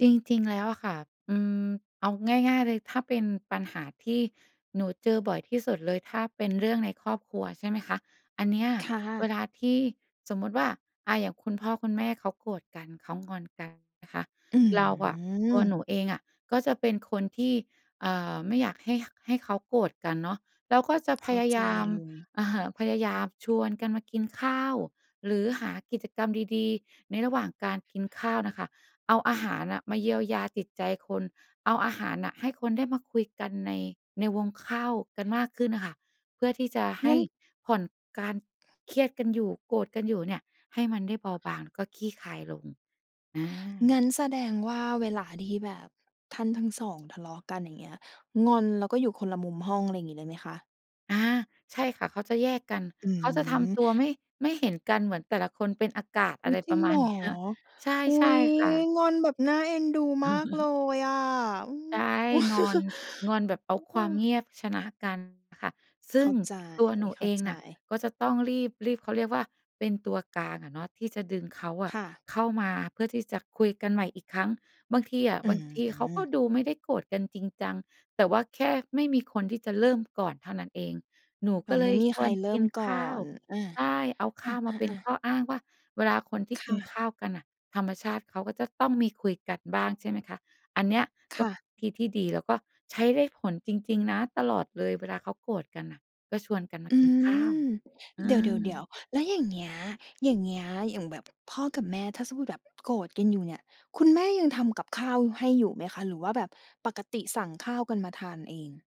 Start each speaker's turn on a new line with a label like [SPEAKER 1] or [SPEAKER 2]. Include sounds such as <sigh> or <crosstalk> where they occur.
[SPEAKER 1] จริง ๆ แล้วอะค่ะ อืม เอาง่าย ๆ เลย ถ้าเป็นปัญหาที่หนูเจอบ่อยที่สุดเลย ถ้าเป็นเรื่องในครอบครัว ใช่ไหมคะ อันเนี้ย
[SPEAKER 2] ค่
[SPEAKER 1] เว
[SPEAKER 2] ะ
[SPEAKER 1] ลาที่สมมุติว่า อ่า อย่างคุณพ่อคุณแม่เขาโกรธกัน เขา งอนกันนะคะ
[SPEAKER 2] อ
[SPEAKER 1] เราอะ ตัว
[SPEAKER 2] ืม
[SPEAKER 1] หนูเองอะ ก็เป็นคนที่ เอ่อ ไม่อยากให้ ข ให้เขาโกรธกันเนาะ เราก็จะ
[SPEAKER 2] เข
[SPEAKER 1] พ
[SPEAKER 2] ้า
[SPEAKER 1] ยา
[SPEAKER 2] ใจ
[SPEAKER 1] ยาม
[SPEAKER 2] เลย
[SPEAKER 1] อะฮะ พยายามชวนกันมากินข้าวหรือหากิจกรรมดี ๆ ในระหว่างการกินข้าวน่ะค่ะ เอาอาหารอะมาเยียวยาจิตใจคน เอาอาหารให้น่ะคนได้มาคุยกันใน ในวงข้าวกันมากขึ้นน่ะค่ะ เพื่อที่จะให
[SPEAKER 2] ง
[SPEAKER 1] ้
[SPEAKER 2] ั้น
[SPEAKER 1] ผ่อนการเครียดกันอยู่ โกรธกันอยู่เนี่ย ให้มันได้เบาบาง ก็คลี่คลายลง อ
[SPEAKER 2] ง
[SPEAKER 1] า
[SPEAKER 2] ั้นแสดงว่าเวลาที่แบบท่านทั้ง 2 ทะเลาะกัน อย่างเงี้ย งอน แล้วก็อยู่คนละมุมห้อง อะไรอย่างงี้เลยไหมคะ?
[SPEAKER 1] อา ใช่ค่ะ เขาจะแยกกัน
[SPEAKER 2] อ
[SPEAKER 1] เขาจะท
[SPEAKER 2] ื
[SPEAKER 1] ำ
[SPEAKER 2] ม
[SPEAKER 1] ตัวไม่ ไม่เห็นกัน เหมือนแต่ละคนเป็นอากาศ
[SPEAKER 2] อ
[SPEAKER 1] อ
[SPEAKER 2] ุ
[SPEAKER 1] ะ
[SPEAKER 2] ๊
[SPEAKER 1] ไ
[SPEAKER 2] ย
[SPEAKER 1] ร
[SPEAKER 2] จร
[SPEAKER 1] ป
[SPEAKER 2] ิ
[SPEAKER 1] ร
[SPEAKER 2] ง
[SPEAKER 1] ะม
[SPEAKER 2] เห
[SPEAKER 1] า
[SPEAKER 2] ร
[SPEAKER 1] ณ
[SPEAKER 2] อ?
[SPEAKER 1] นี้ ใช่
[SPEAKER 2] อุ๊
[SPEAKER 1] ใช่
[SPEAKER 2] ย
[SPEAKER 1] ค่ะ
[SPEAKER 2] งอนแบบน่าเอ็นดูมากเล
[SPEAKER 1] <chuckles>
[SPEAKER 2] ยอะ อืม
[SPEAKER 1] ใช่ งอน
[SPEAKER 2] <chuckles>
[SPEAKER 1] งอน
[SPEAKER 2] ฮ
[SPEAKER 1] แบบเอา
[SPEAKER 2] เ
[SPEAKER 1] ค
[SPEAKER 2] อ
[SPEAKER 1] วามเ
[SPEAKER 2] อ
[SPEAKER 1] งียบ ชนะกันค่ะ ซ
[SPEAKER 2] เ
[SPEAKER 1] ึ
[SPEAKER 2] ข
[SPEAKER 1] ่
[SPEAKER 2] ้
[SPEAKER 1] ง
[SPEAKER 2] าใจ
[SPEAKER 1] ตัวหนู
[SPEAKER 2] เข้
[SPEAKER 1] เอ
[SPEAKER 2] า
[SPEAKER 1] ง
[SPEAKER 2] ใจ
[SPEAKER 1] น่ะก็จะต้องรีบ รีบ เขาเรียกว่าเป็นตัวกลางอะเนาะ ที่จะดึงเขาอ
[SPEAKER 2] ค
[SPEAKER 1] ะ
[SPEAKER 2] ่ะ
[SPEAKER 1] เข้ามาเพื่อที่จะคุยกันใหม่อีกครั้ง บางทีอะ
[SPEAKER 2] อื
[SPEAKER 1] บางทีเค้าก
[SPEAKER 2] ม
[SPEAKER 1] ็ดูไม่ได้โกรธกันจริงจัง แต่ว่าแค่ไม่มีคนที่จะเริ่มก่อนเท่านั้นเอง หนู
[SPEAKER 2] อ
[SPEAKER 1] ก
[SPEAKER 2] ๋อ
[SPEAKER 1] ็เล
[SPEAKER 2] ไม่
[SPEAKER 1] ย
[SPEAKER 2] มี
[SPEAKER 1] ช
[SPEAKER 2] ใค
[SPEAKER 1] ว
[SPEAKER 2] ร
[SPEAKER 1] น
[SPEAKER 2] เริ
[SPEAKER 1] ก
[SPEAKER 2] ่
[SPEAKER 1] ิ
[SPEAKER 2] ม
[SPEAKER 1] น
[SPEAKER 2] ก่
[SPEAKER 1] ข
[SPEAKER 2] อ
[SPEAKER 1] ้าว
[SPEAKER 2] น อา
[SPEAKER 1] ใช่ เอาข
[SPEAKER 2] อ
[SPEAKER 1] ้าวมาเป็น
[SPEAKER 2] า ๆ ๆ
[SPEAKER 1] ข้ออ้างว่า เวลาคนที่
[SPEAKER 2] ค
[SPEAKER 1] กิ
[SPEAKER 2] ่
[SPEAKER 1] นข
[SPEAKER 2] ะ
[SPEAKER 1] ้าวกันน่ะ ธรรมชาติเขาก็จะต้องมีคุยกันบ้าง ใช่ไหมคะ อันเนี้ย
[SPEAKER 2] ค
[SPEAKER 1] ก็
[SPEAKER 2] ่ะ
[SPEAKER 1] วิธีที่ดีแล้วก็ใช้ได้ผลจริง ๆ นะ ตลอดเลยเวลาเขาโกรธกันน่ะ ก็ชวนกันมา
[SPEAKER 2] อื
[SPEAKER 1] กินข้าว
[SPEAKER 2] ม
[SPEAKER 1] อื
[SPEAKER 2] เดี๋ยว
[SPEAKER 1] ม
[SPEAKER 2] ๆ ๆ แล้วอย่างเงี้ย อย่างเงี้ย อย่างแบบ พ่อกับแม่ ถ้าจะพูดแบบ โกรธกันอยู่เนี่ย คุณแม่ยังทำกับข้าวให้อยู่ไหมคะ หรือว่าแบบปกติสั่งข้าวกันมาทานเอง?